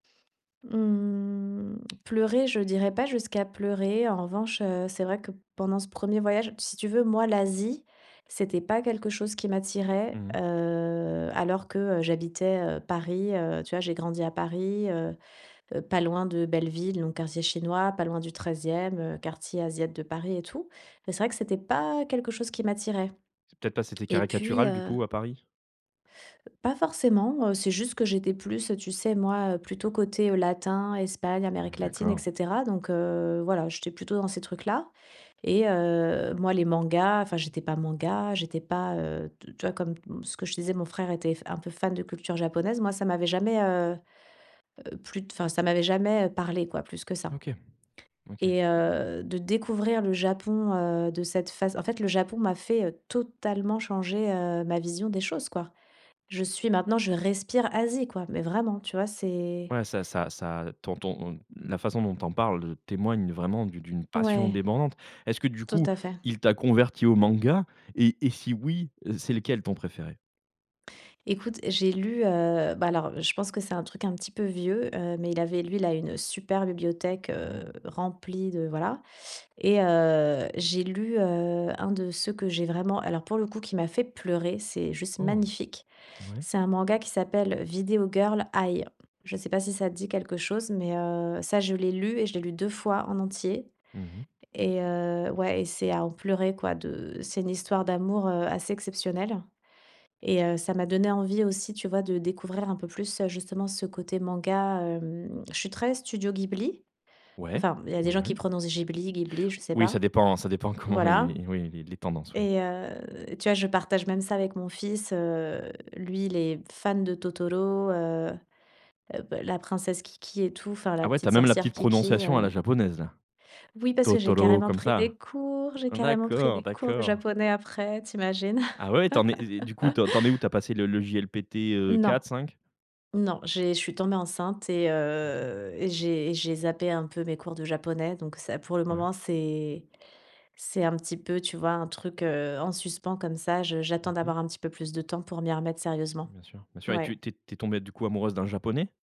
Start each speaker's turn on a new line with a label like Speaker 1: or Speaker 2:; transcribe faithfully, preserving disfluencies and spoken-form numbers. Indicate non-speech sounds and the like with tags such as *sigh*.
Speaker 1: Mmh, pleurer, je dirais pas jusqu'à pleurer. En revanche, heu, c'est vrai que pendant ce premier voyage si tu veux, moi, l'Asie, c'était pas quelque chose qui m'attirait.
Speaker 2: Mmh mh.
Speaker 1: Heu, alors que, heu, j'habitais, heu, Paris, heu. Tu vois, j'ai grandi à Paris, heu, pas loin de Belleville, donc quartier chinois, pas loin du treizième heu, quartier asiat de Paris et tout. Mais c'est vrai que c'était pas quelque chose qui m'attirait.
Speaker 2: Peut-être parce que c'était
Speaker 1: Et puis,
Speaker 2: caricatural du
Speaker 1: heu
Speaker 2: coup à Paris?
Speaker 1: Pas forcément, heu, c'est juste que j'étais plus, tu sais moi, heu, plutôt côté latin, Espagne, Amérique latine, et
Speaker 2: D'accord.
Speaker 1: cetera. Donc, heu, voilà, j'étais plutôt dans ces trucs-là. Et heu, moi, les mangas, enfin j'étais pas manga, j'étais pas, heu, tu vois, comme ce que je te disais, mon frère était f un peu fan de culture japonaise. Moi, ça m'avait jamais, heu heu plu enfin, ça m'avait jamais parlé quoi, plus que ça.
Speaker 2: OK, OK.
Speaker 1: Et heu, de découvrir le Japon, heu, de cette phase en fait, le Japon m'a fait, heu, totalement changer, heu, ma vision des choses quoi. Je suis maintenant je respire Asie quoi, mais vraiment tu vois? C'est
Speaker 2: Ouais ça ça ça, ton ton, la façon dont tu en parles, heu, témoigne vraiment d'une d'une passion
Speaker 1: Ouais,
Speaker 2: débordante. Est-ce que du
Speaker 1: tout
Speaker 2: coup,
Speaker 1: à fait.
Speaker 2: il t'a converti au manga? Et et si oui, c'est lequel ton préféré?
Speaker 1: Écoute, j'ai lu, heu, bah, alors, je pense que c'est un truc un petit peu vieux, heu, mais il avait lu là, une super bibliothèque, heu,
Speaker 2: Mmh.
Speaker 1: remplie de voilà. Et heu, j'ai lu, heu, un de ceux que j'ai vraiment, alors pour le coup, qui m'a fait pleurer. C'est juste
Speaker 2: Oh.
Speaker 1: magnifique.
Speaker 2: Oui.
Speaker 1: C'est un manga qui s'appelle: «Video Girl Ai». Je sais pas si ça dit quelque chose? Mais heu, ça, je l'ai lu et je l'ai lu deux fois en entier.
Speaker 2: Mmh mh.
Speaker 1: Et heu, ouais, et c'est à en pleurer quoi, de. C'est une histoire d'amour, heu, assez exceptionnelle. Et heu, ça m'a donné envie aussi, tu vois, de découvrir un peu plus, heu, justement ce côté manga, hem. Je suis très studio Ghibli.
Speaker 2: Ouais,
Speaker 1: Enfin, il y des
Speaker 2: ouais,
Speaker 1: gens
Speaker 2: ouais.
Speaker 1: qui prononcent Ghibli, Ghibli, je sais
Speaker 2: Oui,
Speaker 1: pas.
Speaker 2: ça dépend ça dépend comment
Speaker 1: Voilà.
Speaker 2: il oui, les tendances, oui.
Speaker 1: Et heu, tu vois, je partage même ça avec mon fils, heu. Lui, il est fan de Totoro heu, beh la princesse Kiki et tout, enfin la
Speaker 2: Ah ouais, tu as
Speaker 1: petite
Speaker 2: même la
Speaker 1: sorcière
Speaker 2: petite
Speaker 1: Kiki,
Speaker 2: prononciation à
Speaker 1: heu
Speaker 2: la japonaise là.
Speaker 1: Oui, parce que j'ai
Speaker 2: Totoro
Speaker 1: carrément
Speaker 2: comme
Speaker 1: pris
Speaker 2: ça.
Speaker 1: des cours. J'ai carrément pris
Speaker 2: D'accord,
Speaker 1: des cours de
Speaker 2: d'accord.
Speaker 1: japonais après, tu imagines.
Speaker 2: Ah ouais, t'en es et du coup,
Speaker 1: *laughs*
Speaker 2: t'en es où? Tu as passé le le JLPT, heu,
Speaker 1: Non,
Speaker 2: quatre cinq?
Speaker 1: non, j'ai je suis tombée enceinte et
Speaker 2: OK.
Speaker 1: heu, et j'ai et j'ai zappé un peu mes cours de japonais. Donc ça, pour le
Speaker 2: Ouais.
Speaker 1: moment, c'est c'est un petit peu, tu vois, un truc, heu, en suspens comme ça. Je,
Speaker 2: Mmh
Speaker 1: j'attends
Speaker 2: mh.
Speaker 1: d'avoir un petit peu plus de temps pour m'y remettre sérieusement.
Speaker 2: Bien sûr, bien sûr et tu es
Speaker 1: Oui.
Speaker 2: tu es tombé du coup amoureuse d'un japonais?